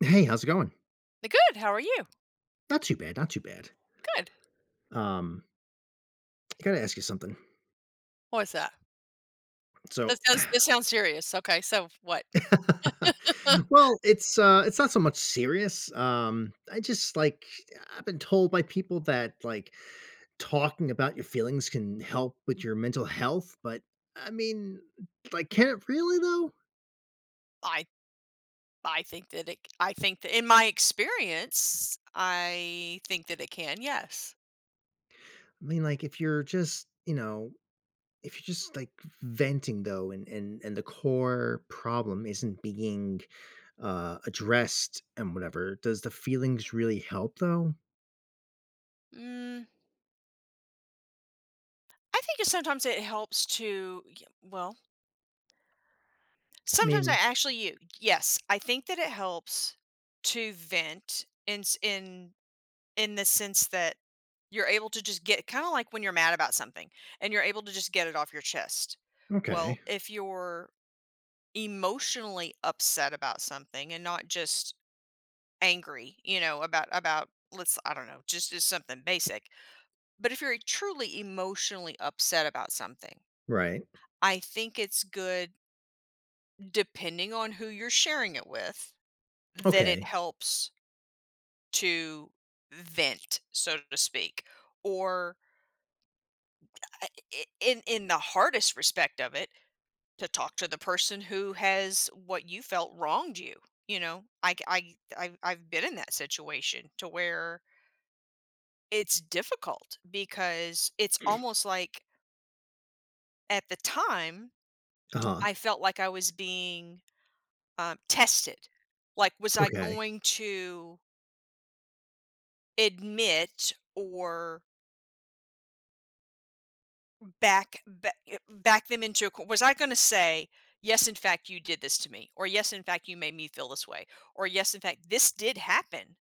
Hey. How's it going? Good. How are you? Not too bad. Not too bad. Good. Um I gotta ask you something. What was that? So That sounds that sounds serious. Okay. So what? Well, it's, uh, it's not so much serious. Um, I just, like, I I've been told by people that, like, talking about your feelings can help with your mental health, but, I mean, like, can it really, though? I I think that it I think that in my experience, I think that it can. Yes. I mean, like, if you're just, you know, if you're just, like, v venting, though, and and and the core problem isn't being, uh, addressed and whatever, does the feelings really help though? Mm. I think it sometimes it helps to, y well Sometimes I Mean actually you yes. I think that it helps to vent in s in in the sense that you're able to just get kinda like when you're mad about something, and you're able to just get it off your chest. Well, Okay. if you're emotionally upset about something and not just angry, you know, about about let's, I don't know, just just something basic. But if you're truly emotionally upset about something Right. I think it's good depending on who you're sharing it with, that it Okay. helps to vent, so to speak, or I i i in in the hardest respect of it, to talk to the person who has what you felt wronged you, you know? I c I I I've been in that situation to where it's difficult because it's almost like at the time, Uh-huh. I felt like I was being, um, tested. Like, was I Okay. going to admit or back ba eh, back them into a co Was I gonna say, "Yes, in fact, you did this to me," or, "Yes, in fact, you made me feel this way," or, "Yes, in fact, this did happen,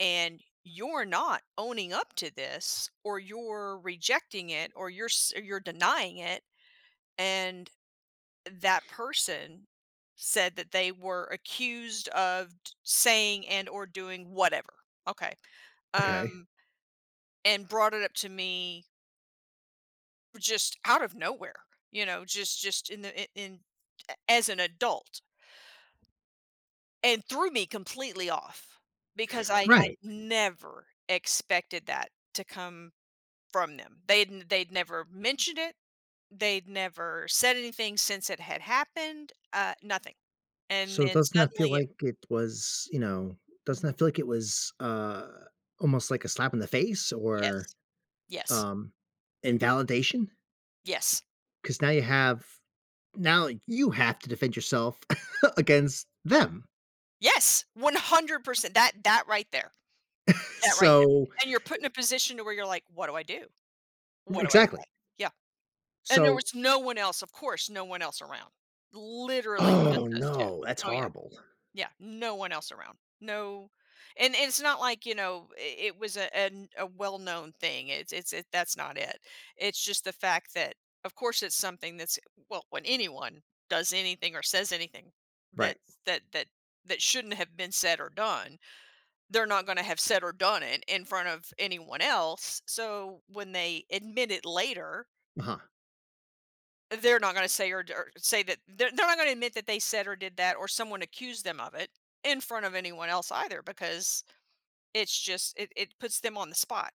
and you're not owning up to this, or you're rejecting it, or you're s or you're denying it," and, that person said that they were accused of d saying and/or doing whatever, okay, Okay. um, and brought it up to me just out of nowhere, you know? Just just in the i in a as an adult. And threw me completely off because I I Right. never expected that to come from them. They'd n they'd never mentioned it, they'd never said anything since it had happened, uh, nothing. And So, then doesn't that feel suddenly it like it was, you know doesn't Mhm. that feel like it was, uh, almost like a slap in the face or, Yes. Yes. um, invalidation? Yes. 'Cause now you have now you have to defend yourself against them. Yes! 100%, that that right there. That right there. So And you're put in a position to where you're like, "What do I do? R What do I exactly. say?" yeah. And there So was no one else, of course, no one else around. Literally, Oh, just us 2. no. That's Oh, yeah. horrible. Yeah, no one else around. No And it's not like, you know, it it was a an a well-known thing. It's it's it that's not it. It's just the fact that, of course, it's something that's well, when anyone does anything or says anything Right. that's that that that shouldn't have been said or done, they're not gonna have said or done it in front of anyone else, so when they admit it later Uh-huh. they're not gonna a say or d or say that they're they're not gonna admit that they said or did that or someone accused them of it in front of anyone else either because, it's just it it puts them on the spot.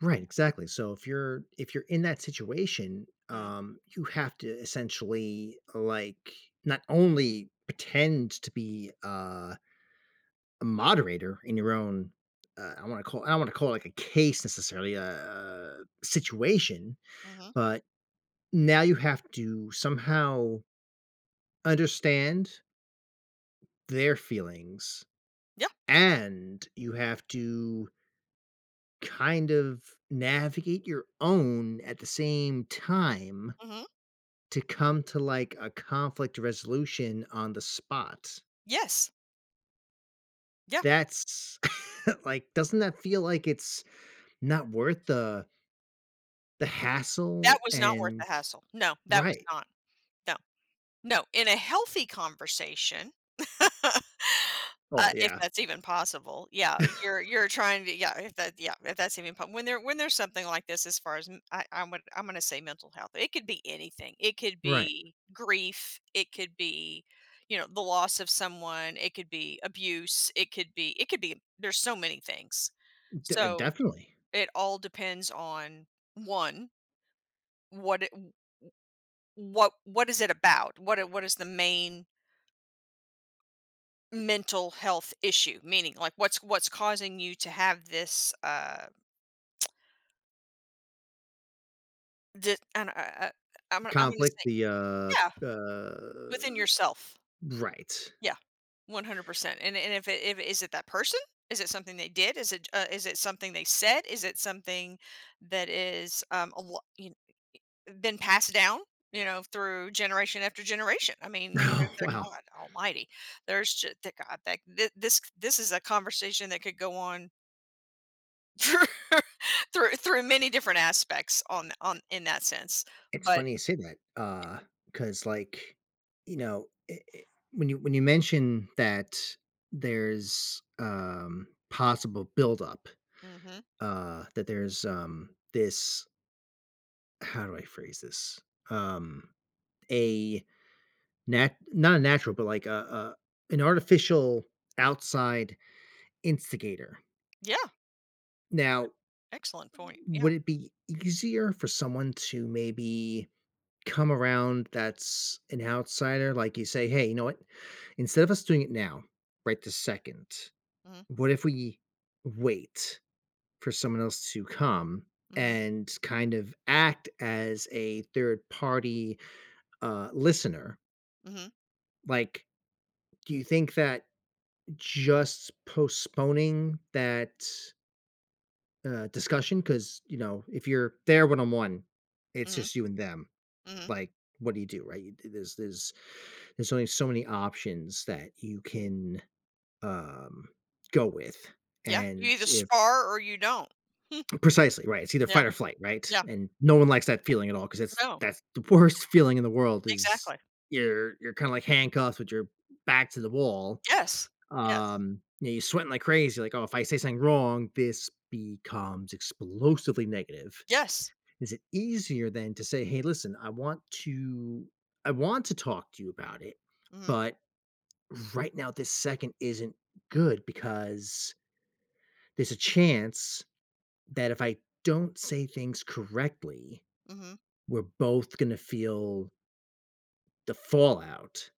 Right. Exactly. So, if you're if you're in that situation, Mm. um, you have to essentially, like, not only pretend to be a a moderator in your own uh, I don't wanna call I don't wanna call it, like, a case necessarily a situation, Mhm. but now you have to somehow understand their feelings, Yeah. and you have to kind of navigate your own at the same time Mhm. to come to, like, a conflict resolution on the spot. Yes. Yeah. That's like, doesn't that feel like it's not worth the the That hassle was not worth and the hassle. No. That was Right. not. No. No. In a healthy conversation uh, Oh, if yeah. that's even possible. Yeah, you're you're trying to be yeah. If that yeah if that's even po When there when there's something like this as far as, mm, I I w I'm gonna say mental health. It could be anything, it could Right. be grief, it could be, you know, the loss of someone, it could be abuse. It could be it could be there's so many things. D uh So, definitely. it all depends on, 1 what it w w what what is it about? What is what is the main mental health issue? Meaning, like, what's what's causing you to have this, uh Just and I I I'm I'm gonna Conflict. say The, Yeah. uh, uh Within yourself. Right. Yeah, 100%. And and if it if is it that person? Is it something they did? Is it j uh, is it something they said? Is it something that is, um, a lo y kn eh, been passed down, you know, through generation after generation? I mean, they're Oh, they're wow. god almighty. There's j thank god that thi this c this is a conversation that could go on through through through many different aspects on Y on in that sense, It's but funny you say that, Y uh, 'cause, like, you know i i when you when you mention that there's, um possible buildup, Mhm. uh, that there's, um, this How do I phrase this? Um, a nat not a natural, but like a a an artificial, outside instigator. Yeah. Now, Excellent point, yeah. would it be easier for someone to maybe come around that's an outsider? Like, you say, "Hey, you know what? Instead of us doing it now, right this second, Mhm. what if we wait for someone else to come Mhm. and kind of act as a third-party, uh, listener?" Mhm. Like, do you think that just postponing that uh, discussion? 'Cause, you know, if you're there 1-on-1, it's Mhm. just you and them, Mhm. like, what do you do, right? Th there's there's there's only so many options that you can, um, go with, Yeah, you and either if spar or you don't. Precisely, right. It's either Yeah, fight or flight, right? yeah. And no one likes that feeling at all, 'cause it's No. that's the worst feeling in the world is Exactly. you're you're kinda like handcuffed with your back to the wall. Yes, yes. Um, you know, you're sweating like crazy, like, "Oh, if I say something wrong, this becomes explosively negative." Yes. Is it easier than to say, "Hey, listen, I want to I want to talk to you about it, Mhm. but right now, this second isn't good because" there's a chance that if I don't say things correctly, Mhm. we're both gonna feel the fallout.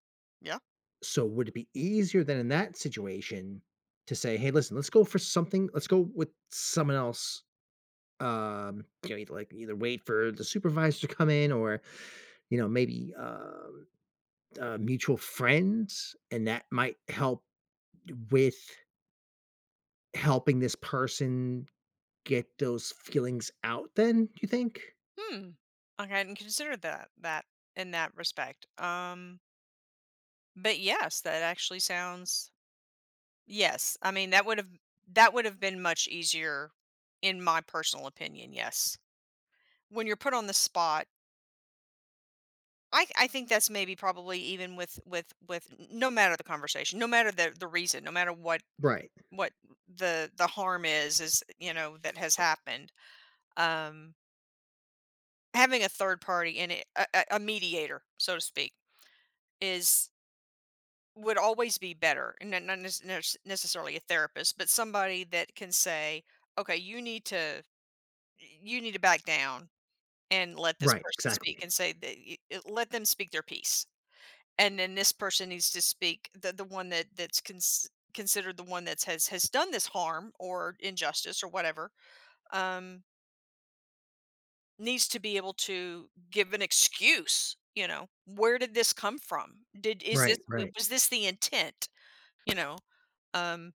Yeah. So, would it be easier than in that situation to say, "Hey, listen, let's go for something let's go with someone else," um, you know, like, either wait for the supervisor to come in or, you know, maybe, um, uh, mutual friends, and that might help d with helping this person get those feelings out then, do you think? Hmm, I hadn't considered that that in that respect. Um But, yes, that actually sounds yes. I mean, that would have that would have been much easier in my personal opinion, yes. When you're put on the spot I I think that's maybe probably even with with with n n no matter the conversation, no matter the the reason, no matter what Right. what the the harm is is, you know, that has happened. Um having a third party in it a a, a mediator, so to speak, is would always be better. N n nes nurse necessarily a therapist, but somebody that can say, "Okay, you need to eh, you need to back down and let this Right, person speak," exactly. and say that eh, "Let them speak their peace." And then this person who's to speak the the one that that's cons considered the one that has has done this harm or injustice or whatever, um needs to be able to give an excuse, you know? "Where did this come from? Did is this Right, w right. was this the intent," you know? Um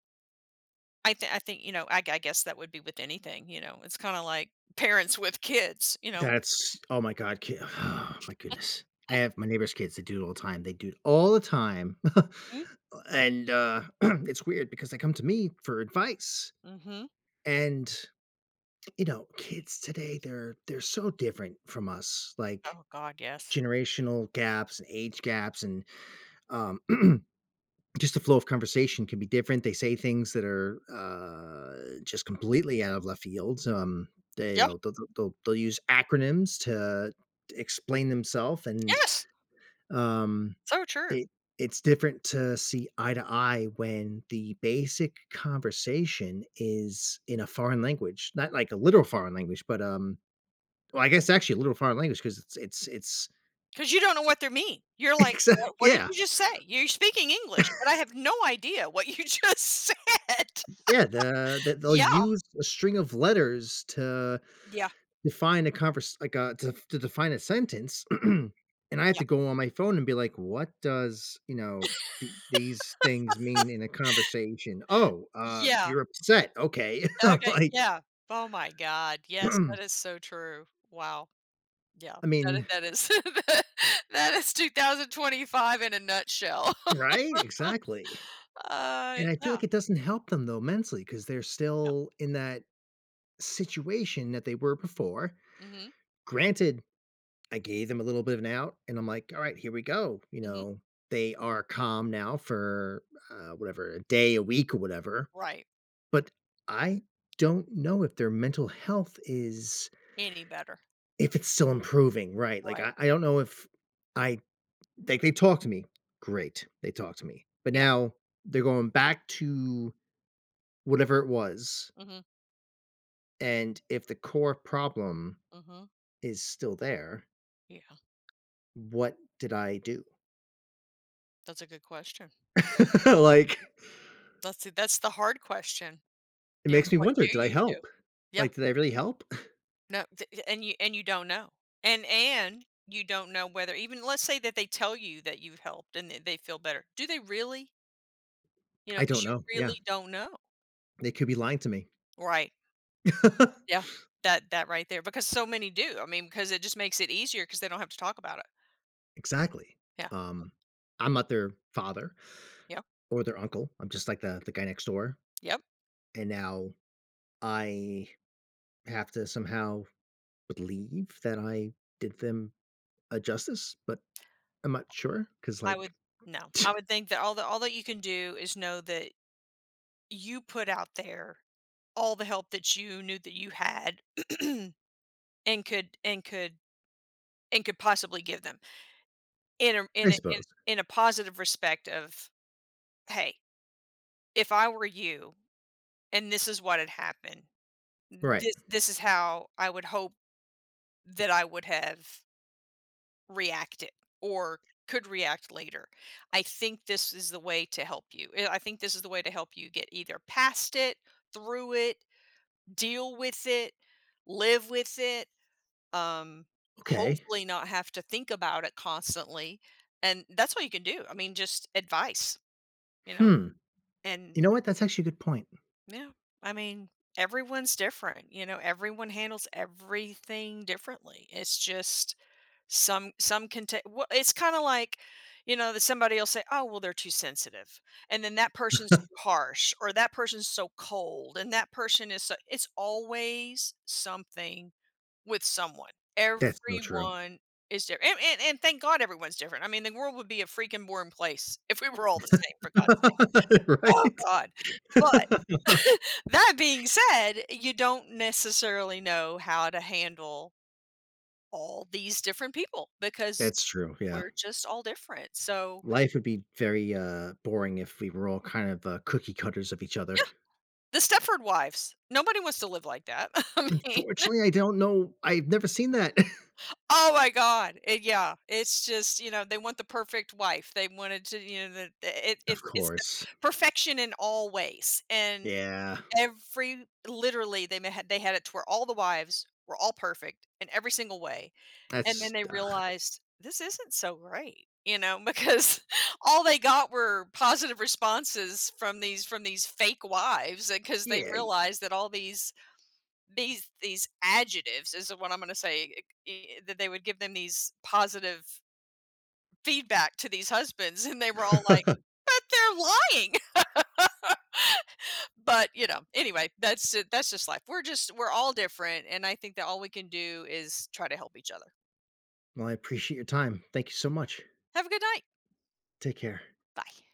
I think I think, you know, I I guess that would be with anything, you know? It's kinda like parents with kids, you know? That's oh my god, ki my goodness, I have my neighbor's kids, they do it all the time, they do it all the time, Mm. and, uh, it's weird because they come to me for advice. Mhm. And, you know, kids today, they're they're so different from us, like, Oh god, yes. generational gaps, and age gaps, and, um, just the flow of conversation can be different. They say things that are, uh, just completely out of left fields, um, they you Yeah. know, they'll th they'll they'll use acronyms to explain themself, and, Yes. um, So true. it it's different to see eye to eye when the basic conversation is in a foreign language- not like a literal foreign language, but, um, well, I guess actually a literal foreign language 'cause it's it's it's 'Cause you don't know what they're mean. You're like, Exact "What what did Yeah. you just say? You're speaking English, but I have no idea what you just said." Yeah, the the they'll Yeah. use a string of letters to Yeah. define a convers like, uh, to f to define a sentence, and I have Yeah. to go on my phone and be like, "What does," you know, "the these things mean in a conversation? Oh, uh, Yeah. you're upset. Okay." I'm Okay. like Yeah. Oh my god. Yes, that is so true. Wow. Yeah. I That i mean that is tha that is 2025 in a nutshell. Right, exactly. Uh, And I feel yeah. like it doesn't help them, though, mentally, 'cause they're No. still in that situation that they were before. Mhm. Granted, I gave them a little bit of an out and I'm like, "Alright, here we go." You Mhm. know, they are calm now for, uh, whatever, a day, a week or whatever, Right. but I don't know if their mental health is Any better. if it's still improving, right. Like, Right. I I don't know if I like they talk to me. Great, they talk to me. But Yeah. now, they're going back to whatever it was Mhm. and if the core problem Mhm. is still there Yeah. what did I do? That's a good question. Like That's th that's the hard question. It You know, makes me what wonder, do "Did I you do? help?" Yeah. Like, "Did I really help?" No, th and you and you don't know, and and you don't know whether even let's say that they tell you that you've helped and that they feel better, do they really? You know, I don't 'cause you know, yeah. really don't know. They could be lying to me. Right. Yeah. That that right there, because so many do. I mean, 'cause it just makes it easier 'cause they don't have to talk about it. Exactly. Yeah. Um, I'm not their father, Yeah. or their uncle. I'm just, like, the the guy next door, Yep. and now I have to somehow believe that I did them a justice, but I'm not sure 'cause, I like would No. I would think that all that all that you can do is know that you put out there all the help that you knew that you had, and could and could and could possibly give them. In, um I in a in suppose. in a positive respect of, "Hey, if I were you, and this is what had happened, Right. this this is how I would hope that I would have" "reacted, or could react later. I think this is the way to help you. Eh, I think this is the way to help you get either past it, through it, deal with it, live with it, um, Okay. hopefully not have to think about it constantly," and, that's all you can do, I mean, just advice. You know, Hmm. and You know what, that's actually a good point. Yeah, I mean, everyone's different, you know, everyone handles everything differently. It's just some some can ta well, it's kinda like, you know, that somebody'll say, "Oh, well, they're too sensitive," and then, "That person's too harsh," or, "That person's so cold," and, "That person is s" it's always something with someone. That's so true. Everyone is different, and and and thank God everyone's different. I mean, the world would be a freaking boring place if we were all the same for God's sake. Oh Right? god! but, that being said, you don't necessarily know how to handle all these different people, because That's true, yeah. we're just all different, so Life would be very, uh, boring if we were all kind of, uh, cookie cutters of each Yeah. other. The Stepford Wives- nobody wants to live like that. I mean Unfortunately, I don't know. I've never seen that. Oh my God, eh yeah. It's just you know, they want the perfect wife. They wanted to, you know, the i i Of it's it's the course. perfection in all ways. And Yeah. every literally, they n had they had it to where all the wives were all perfect in every single way, and That's then they ugh. realized, "This isn't so great," you know, because all they got were positive responses from these from these fake wives, uh, 'cause they Yeah, y realized that all these these these adjectives is what I'm gonna say, i eh that they would give them these positive feedback to these husbands, and they were all like, "But, they're lying!" But, you know, anyway, that's ju that's just life. We're just we're all different, and I think that all we can do is try to help each other. Well, I appreciate your time. Thank you so much. Have a good night. Take care. Bye.